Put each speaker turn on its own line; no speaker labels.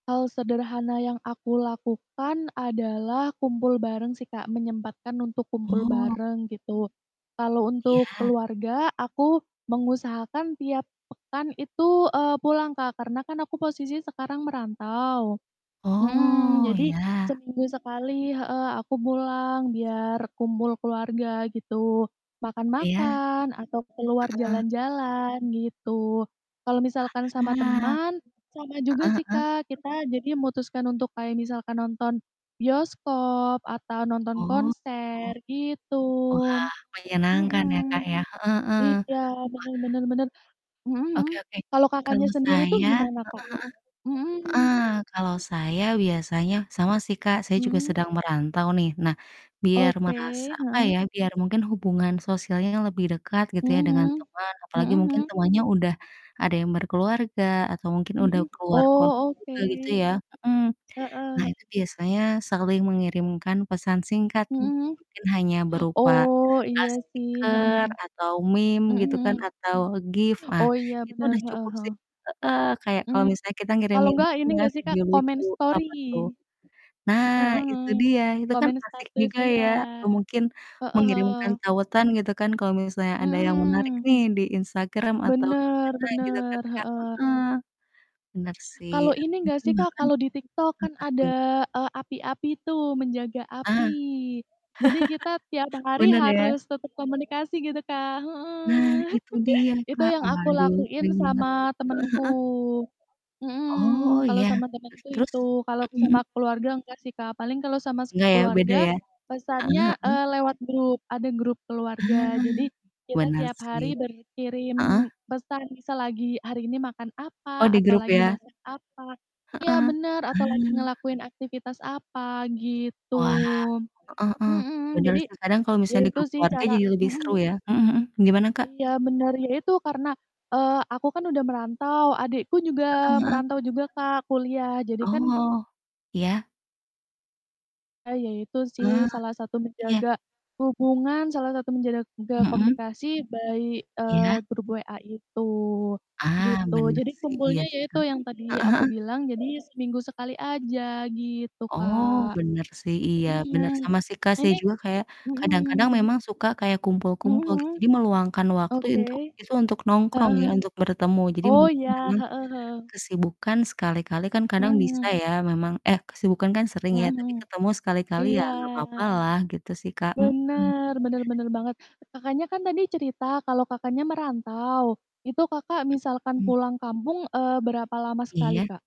Hal sederhana yang aku lakukan, adalah, kumpul bareng sih Kak, menyempatkan untuk kumpul
Oh.
bareng, gitu. Kalau untuk
Iya.
keluarga, aku mengusahakan tiap pekan itu, eee, pulang Kak, karena kan aku posisi sekarang merantau. Mhm,
Oh,
jadi
iya.
seminggu sekali heeh, aku pulang biar kumpul keluarga gitu,
Iya.
makan-makan, atau keluar
Heeh.
jalan-jalan, gitu. Kalau misalkan sama
Aha.
teman, sama juga
Heeh
sih
heeh.
Kak, kita jadi mutuskan untuk kayak misalkan nonton bioskop, atau nonton
Oh.
konser, gitu.
Wah, menyenangkan ya,
Mhm,
Kak, ya, heeh heeh, wah.
iya, bener bener bener, mhm mhm.
Oke oke.
Kalau
Kalau
Kakaknya sendiri tuh,
saya
gimana Kak?
heeh
Mhm.
heeh, heeh, kalau saya biasanya, sama sih Kak, saya juga
Mhm.
sedang merantau nih. Nah, biar
Oke,
merasa, apa
heeh.
ya, biar mungkin hubungan sosialnya lebih dekat gitu
Mhm
ya, dengan
mhm,
teman apalagi
mhm
mungkin
mhm.
temannya udah, ada yang berkeluarga atau mungkin udah
Mhm,
keluar kota
oh oke,
juga gitu ya mhm. Nah,
heeh.
itu biasanya saling mengirimkan pesan singkat,
Mhm
m
mhm.
mungkin hanya berupa,
Oh,
ah,
iya sih mhm.
stiker atau meme
Mhm
gitu kan,
mhm.
atau GIF, ah,
Oh, iya
itu
bener,
udah
heeh
cukup
heeh.
sih heeh, kayak kalau
Mmm,
misalnya kita
kalau
ngirimin,
enggak,
apa
ini
ya,
nggak sih Kak,
video
komen
lucu
stori?
apa tuh? Nah,
Heeh
itu
heeh,
dia, itu kan
komen
asik
status
juga
iya,
ya, atau mungkin,
heeh
mengirimkan
heeh.
tautan gitu kan, kalau misalnya ada yang menarik
Mhm.
nih, di Instagram, atau di
Bener
mana gitu kan,
bener,
Kak?
heeh.
Heeh, bener sih
Kalau
atau
ini nggak
mungkin
sih Kak,
bahkan
kalau di TikTok, kan
apa tuh?
ada, eee, api api itu, menjaga
Ah.
api. Jadi kita tiap hari
Bener ya?
harus tetap komunikasi gitu, Kak
Nah
heeh,
itu dia
itu
Kak,
yang aku
waduh
lakuin
sering banget tuh.
sama temenku,
Heeh heeh. Oh
mhm, kalau
iya,
sama
terus
temenku
terus?
itu, kalau
Mhm
sama
mhm.
keluarga enggak sih Kak, paling kalau sama se
Nggak ya, beda
keluarga,
ya? Heeh
pesannya,
heeh.
eee, lewat grup, ada grup keluarga.
Ah,
Jadi, kita
benar
tiap
sih.
hari
Heeh?
berkirim pesan, misal lagi hari ini makan
Oh,
apa,
di
atau
grup
lagi
ya?
masak apa
Heeh,
iya,
ah.
benar, atau lagi ngelakuin aktivitas apa gitu.
Wah, heeh heeh,
Mhm,
benar
jadi,
sih kadang kalau
ya
misalnya di
itu
grup
sih
keluarga
cara
jadi
mhm
lebih
mhm.
seru ya? Mhm mhm, gimana Kak?
Iya, bener. Iya, itu, karena, eee, aku kan udah merantau, adikku juga
Heeh heeh.
merantau juga Kak, kuliah, jadi kan
Oh, iya.
Ah, ya itu sih,
Ah,
salah satu
iya.
menjaga hubungan, salah satu menjaga
Mhm.
komunikasi by, eee,
Iya?
grup WA itu,
Ah,
gitu.
bener
Jadi,
sih, iya
kumpulnya ya
sih,
itu,
Kak,
yang tadi
heeh
aku
heeh.
bilang, jadi seminggu sekali aja, gitu
Oh,
Kak.
bener sih iya, bener,
Mhm,
sama sih Kak, saya
ini
juga kayak, kadang-kadang
mhm.
memang suka kayak
Mhm
kumpul-kumpul gitu,
mhm.
jadi meluangkan waktu
Oke.
intu itu untuk nongkrong
Heeh
ya,
heeh.
untuk bertemu. Jadi
Oh
mungkin
iya,
memang,
heeh heeh.
kesibukan sekali-kali kan
Mhm
kadang bisa
mhm.
ya memang eh, kesibukan kan sering
Mhm
ya,
mhm.
tapi ketemu sekali-kali, ya
Iya,
nggak apa-apalah, gitu sih, Kak, mhm.
bener bener bener banget, Kakaknya kan tadi cerita, kalau Kakaknya merantau. Itu, Kakak, misalkan
Mhm.
pulang kampung, eee, berapa lama sekali
Iya.
Kak?